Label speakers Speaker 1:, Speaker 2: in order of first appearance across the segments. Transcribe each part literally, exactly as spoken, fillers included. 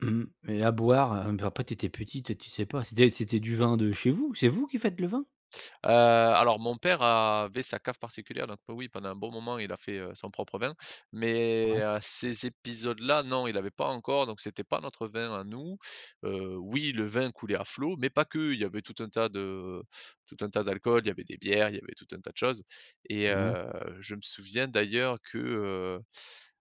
Speaker 1: Mmh et à boire a puis après tu étais petite toi tu sais pas, c'était c'était du vin de chez vous? C'est vous qui faites le vin?
Speaker 2: Heu, alors mon père avait sa cave particulière, donc po oui pendant un bon moment il a fait, heu, son propre vin,
Speaker 1: Ouais.
Speaker 2: mais heu, ces épisodes là ,non, il avait pas encore, donc c'était pas notre vin à nous, heu, oui le vin coulait à flot, mais pas que. Il y avait tout un tas de tout un tas d'alcools, il y avait des bières, il y avait tout un tas de choses et
Speaker 1: Mouais.
Speaker 2: heu, je me souviens d'ailleurs que, heu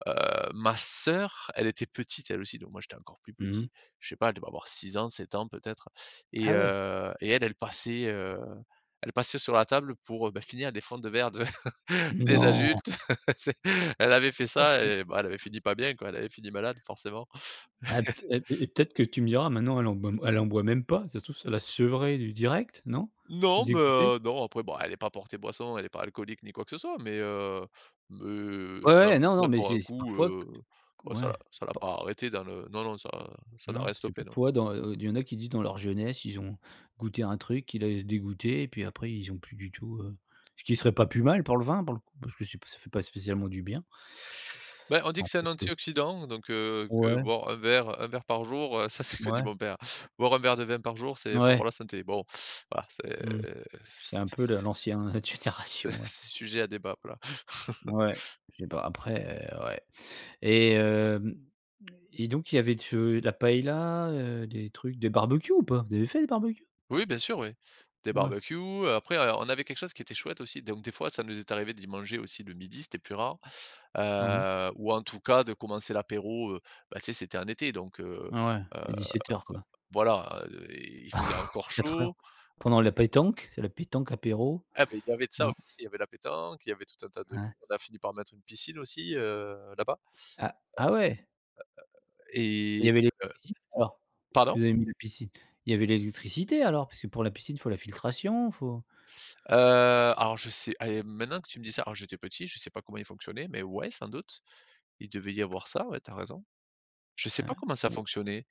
Speaker 2: heu, ma sœur, elle était petite, elle aussi, donc moi j'étais encore plus
Speaker 1: Mmh mh.
Speaker 2: petit. Je sais pas, elle devait avoir six ans, sept ans peut-être et
Speaker 1: Ah ouais.
Speaker 2: heu, et elle elle passait, heu elle passait sur la table pour, heu, ben finir des fonds de verre de des
Speaker 1: Non?
Speaker 2: adultes. C'est elle avait fait
Speaker 1: Oh
Speaker 2: ça
Speaker 1: pu
Speaker 2: et bah elle avait fini pas bien, quoi, avait fini malade, forcément.
Speaker 1: Ah pte et et peut-être que tu me diras maintenant, elle en elle en boit même pas, si ça se trouve ça l'a sevré du direct, non?
Speaker 2: Non, mais
Speaker 1: Dégoutée?
Speaker 2: heu, non après bon elle est pas portée boisson, elle est pas alcoolique ni quoi que ce soit, mais heu mais ça
Speaker 1: Ouais, ouais,
Speaker 2: l'empêche
Speaker 1: non, non
Speaker 2: pas de
Speaker 1: mais
Speaker 2: boire
Speaker 1: c'est
Speaker 2: un
Speaker 1: c'est
Speaker 2: coup,
Speaker 1: parfois que
Speaker 2: heu, ouais ça
Speaker 1: ouais,
Speaker 2: l'a ça l'a pas arrêté dans le non, non ça ça n'a
Speaker 1: Non
Speaker 2: rien
Speaker 1: parce que
Speaker 2: stoppé, non.
Speaker 1: parfois dans, heu heu, il y en a qui disent dans leur jeunesse, ils ont goûté un truc qui l'a dé dégoûté et puis après ils ont plus du tout, heu ce qui serait pas plus mal pour le vin pour le coup parce que c'est p ça fait pas spécialement du bien.
Speaker 2: Bah on dit
Speaker 1: Enfin,
Speaker 2: que c'est un
Speaker 1: pour que
Speaker 2: antioxydant donc heu, que
Speaker 1: Ouais.
Speaker 2: boire un verre un verre par jour, heu- ça c'est que dit
Speaker 1: Mouais.
Speaker 2: mon père- boire un verre de vin par jour, c'est bon
Speaker 1: Mouais
Speaker 2: pour la santé. Bon voilà, c'est
Speaker 1: Mmh. C'est
Speaker 2: c
Speaker 1: un peu le l'ancien d
Speaker 2: c
Speaker 1: génération, ouais.
Speaker 2: c'est sujet à débat, voilà.
Speaker 1: Ouais je sais pas après, heu ouais et heu, et donc il y avait de ce et la paëlla, heu, des trucs, des barbecues ou pas? Vous avez fait des barbecues?
Speaker 2: Oui bien sûr oui, des
Speaker 1: Ouais.
Speaker 2: barbecues et après on a on avait quelque chose qui était chouette, aussi, donc des fois, ça nous est arrivé d'y manger aussi, le midi, c'était plus rare,
Speaker 1: Ah oui.
Speaker 2: heu ou en tout cas de commencer l'apéro, heu bah, tu sais, c'était en été donc heu-
Speaker 1: Ah ouais
Speaker 2: heu,
Speaker 1: et dix-sept heures, quoi.
Speaker 2: voilà, heu, et il faisait encore
Speaker 1: quatre heures.
Speaker 2: chaud.
Speaker 1: Pendant la pétanque, c'est la pétanque apéro.
Speaker 2: Et ben il y avait de ça
Speaker 1: Non.
Speaker 2: aussi, il y avait la pétanque, il y avait tout un tas
Speaker 1: Ah
Speaker 2: de
Speaker 1: ouais.
Speaker 2: on a fini par mettre une piscine aussi, heu, là-bas.
Speaker 1: Ah ah ouais?
Speaker 2: Heu
Speaker 1: Et il
Speaker 2: heu heu, et
Speaker 1: y avait
Speaker 2: heu,
Speaker 1: [unintelligible] alors? Si
Speaker 2: pardon?
Speaker 1: vous avez mis la piscine. Il y avait l'électricité alors, parce que pour la piscine faut la filtration, faut
Speaker 2: Heu, alors je sais et mmh, maintenant que tu me dis ça, alors j'étais petit, je sais pas comment il fonctionnait, mais ouais sans doute, il devait y avoir ça ,ouais tu as raison. Je sais
Speaker 1: Ah
Speaker 2: pas comment ça
Speaker 1: ouais, ou heu
Speaker 2: fonctionnait.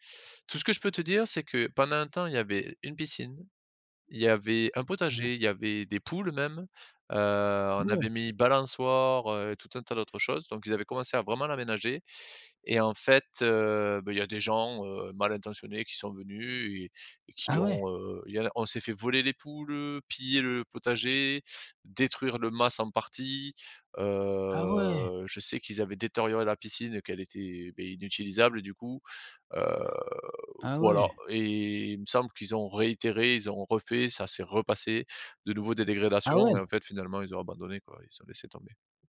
Speaker 2: Tout ce que je peux te dire, c'est que pendant un temps il y avait une piscine, il y avait un
Speaker 1: Ouais.
Speaker 2: potager, il y avait des poules même, heu, on
Speaker 1: Ouais.
Speaker 2: avait mis balançoires, heu, et tout un tas d'autres choses, donc ils avaient commencé à vraiment l'aménager et en fait, heu, bah il y a des gens, heu, mal intentionnés qui sont venus et et qui
Speaker 1: Ah ouais.
Speaker 2: ont, heu il y en a on s'est fait voler les poules, heu, piller le potager, détruire le mas en partie,
Speaker 1: Ah ouais.
Speaker 2: heu, je sais qu'ils avaient détérioré la piscine et qu'elle était, beh inutilisable du coup, heu,
Speaker 1: Ah
Speaker 2: voilà
Speaker 1: ouais.
Speaker 2: et il me semble qu'ils ont réitéré, ils ont refait, ça s'est repassé, de nouveaux des
Speaker 1: Ah
Speaker 2: dégrédations et
Speaker 1: ouais.
Speaker 2: en fait, finalement ils ont abandonné quoi, ils ont laissé tomber.